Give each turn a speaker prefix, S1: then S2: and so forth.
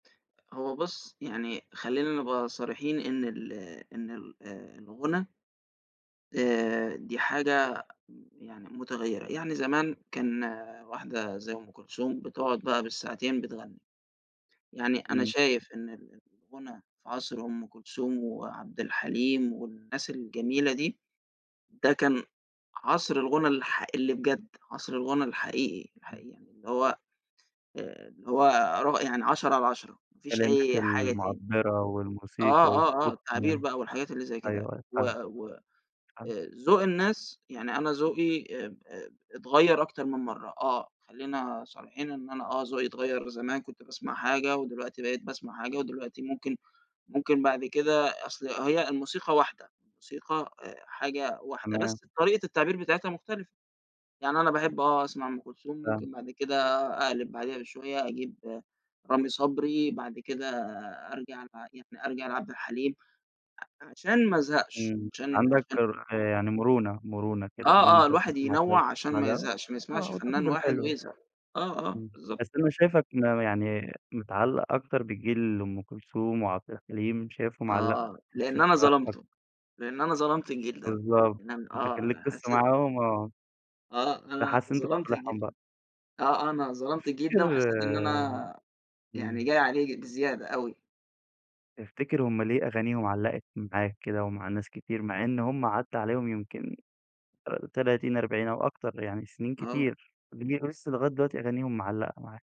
S1: هو بُصّ يعني خلّينا نبقى صريحين إن ال إن ال آآ الغُنا آآ دي حاجة يعني متغيِّرة. يعني زمان كان واحدة زي أم كلثوم بتقعد بقى بالساعتين بتغني. يعني أنا
S2: إمم.
S1: شايف إن ال الغُنا في عصر أم كلثوم وعبد الحليم والناس الجميلة دي، ده كان عصر الغُنا الحق اللي بجد، عصر الغُنا الحقيقي،
S2: [unintelligible]
S1: الحقيقي، اللي هو اللي هو ر يعني عشرة على عشرة مافيش
S2: كلمات
S1: أي حاجة تاني.
S2: المعبرة والموسيقى
S1: آه، آه، آه،
S2: والصوت
S1: التعبير
S2: كمان،
S1: بقى والحاجات اللي زي كده،
S2: أيوه، أيوه،
S1: و
S2: فاهمك،
S1: و آآ
S2: فاهمك.
S1: ذوق الناس، يعني أنا ذوقي أ-أ اتغيَّر أكتر من مرة آه، خلّينا صريحين إن أنا آه ذوقي اتغيَّر، زمان كنت باسْمَع حاجة ودلوقتي بقيت باسْمَع حاجة، ودلوقتي ممكن ممكن بعد كده، أصل هي الموسيقى واحدة، الموسيقى أ حاجة واحدة
S2: تمام.
S1: بس طريقة التعبير بتاعتها مختلفة. يعني أنا باحب آه أسْمَع أم كلثوم،
S2: فاهمك.
S1: ممكن بعد كده أقْلِب بعدها بشوية أجيب رامي صبري، بعد كده أرجَع يعني أرجَع لعبد الحليم علشان ما ازهقش،
S2: إمم،
S1: عشان
S2: عندك
S1: عشان
S2: رو آآ يعني مرونة، مرونة كده
S1: آه،
S2: إن
S1: آه،
S2: أنت
S1: الواحد
S2: تسْمَع ده
S1: ينوّع علشان
S2: وتسْمَع
S1: ما
S2: ده،
S1: يزهقش، ما يسْمَعش
S2: آه
S1: فنان
S2: وتاخد
S1: واحد
S2: الحلوة.
S1: ويزهق، آه آه،
S2: إمم،
S1: بالضبط.
S2: بس أنا شايفك م يعني متعلق أكتر بجيل أم كلثوم وعبد الحليم شايفهم علقوا.
S1: آه، لإن أنا
S2: [unintelligible]
S1: ظلمته، لإن أنا ظلمت الجيل ده،
S2: بالضبط،
S1: لإن أن
S2: أنت كان ليك
S1: آه
S2: قصة
S1: حاسي
S2: معاهم آه،
S1: آه، أنا
S2: فحاسس إن أنت
S1: ظلمت
S2: بتصالحهم
S1: الجيل
S2: بقى.
S1: ده، آه آه، أنا ظلمت الجيل ده
S2: تفتكر
S1: وحسيت إن أنا يعني
S2: إمم.
S1: جاي عليه ج بزيادة أوي.
S2: تفتكر هم ليه أغانيهم علّقت معاك كده ومع ناس كتير، مع إن هم عدى عليهم يمْكن آآ 30 40 أو أكتر يعني سنين
S1: آه.
S2: كتير، ول لسه لغاية دلوقتي أغانيهم معلقة معاك؟